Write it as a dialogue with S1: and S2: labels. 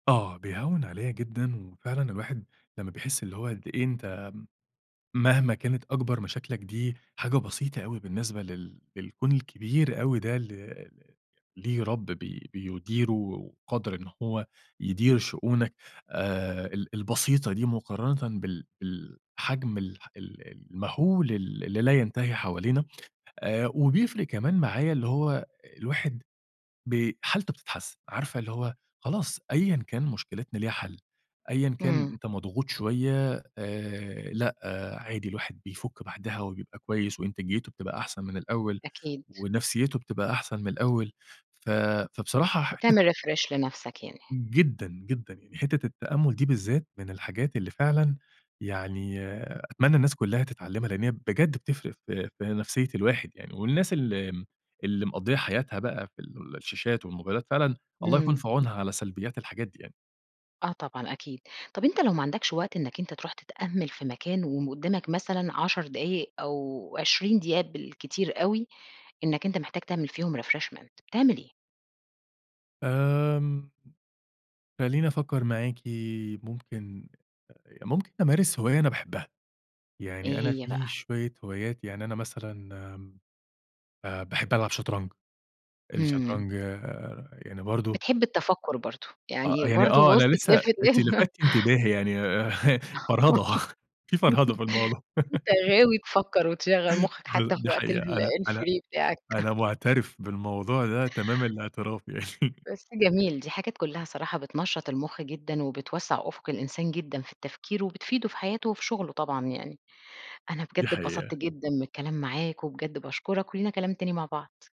S1: آه، بيهوّن عليَّ جدًا، وفعلًا الواحد لمّا بيحس اللي هو قد إيه أنت م مهما كانت أكبَر مشاكلك دي حاجة بسيطة أوي بالنسبة لل للكون الكبير أوي ده، اللي ل ليه رَب بي بيُديره وقادر إن هو يدير شؤونك آآ ال البسيطة دي مقارنةً بال بالحجم الح ال المهُول ال اللي لا ينتهي حوالينا آآ، وبيفرِق كمان معايا اللي هو الواحد بي حالته بتتحسّن، عارفة اللي هو، خلاص، أيًا كان مشكلتنا ليها حَل، أيًا كان
S2: إمم.
S1: أنت مضغوط شوية آآ، لأ عادي، الواحد بيفُك بَعدها وبيبقى كويس وإنتاجيته بتبقى أحسن من الأول
S2: أكيد.
S1: ونفسيته بتبقى أحسن من الأول، ف فبصراحة ح حِتّة
S2: بتعمل refresh لنفْسك يعني.
S1: جدًا، جدًا يعني. حِتّة التأمُّل دي بالذات من الحاجات اللي فعلًا يعني أتمنى الناس كلّها تتعلّمها، لإن هي بجد بتفرِق في في نفسية الواحد يعني والناس اللي م اللي مقضيّة حياتها بقى في الشاشات والموبايلات، فعلًا الله يكون
S2: إمم.
S1: في عونها على سلبيات الحاجات دي يعني.
S2: آه طبعًا أكيد. طَب أنت لو ما عَندكش وقت إنّك أنت ترُوح تتأمّل في مكان وم قدّامك مثلًا 10 دقايق أو 20 دقيقة بالكتير أوي، إنك أنت محتاج تعمل فيهم refreshment بتعمل إيه؟
S1: آمم، خلّيني افكّر معاكِ، ممكن، ممكن أمارس هواية أنا باحبها، يعني
S2: إيه
S1: أنا
S2: هي
S1: في
S2: بقى؟
S1: شوية هوايات، يعني أنا مثلًا آمم، آآ باحب ألعب شطرنج،
S2: همم.
S1: الشطرنج آآ يعني برضه
S2: بتحب التفكُّر برضه،
S1: أ
S2: يعني
S1: يعني آه،
S2: برضه بُصّ
S1: أنا لسه
S2: تلِف، تلِف
S1: أنتِ لفتتِ انتباهي يعني آآ فرهدة، في فرهدة في الموضوع
S2: أنت غاوي تفكّر وتشغّل مُخّك حتى في
S1: بال دي
S2: وقت ال
S1: حقيقة أنا أنا
S2: الfree بتاعك
S1: أنا مُعترِف بالموضوع ده تمام الإعتراف يعني
S2: بس جميل، دي حاجات كلّها صراحة بتنشّط المُخ جدًا وبتوسّع أُفُق الإنسان جدًا في التفكير، وبتفيده في حياته وفي شُغله طبعًا يعني. أنا
S1: دي
S2: بجد اتبسطت
S1: حقيقة.
S2: جدًا من الكلام معاك وبجد باشكُرك ولينا كلام تاني مع بعض.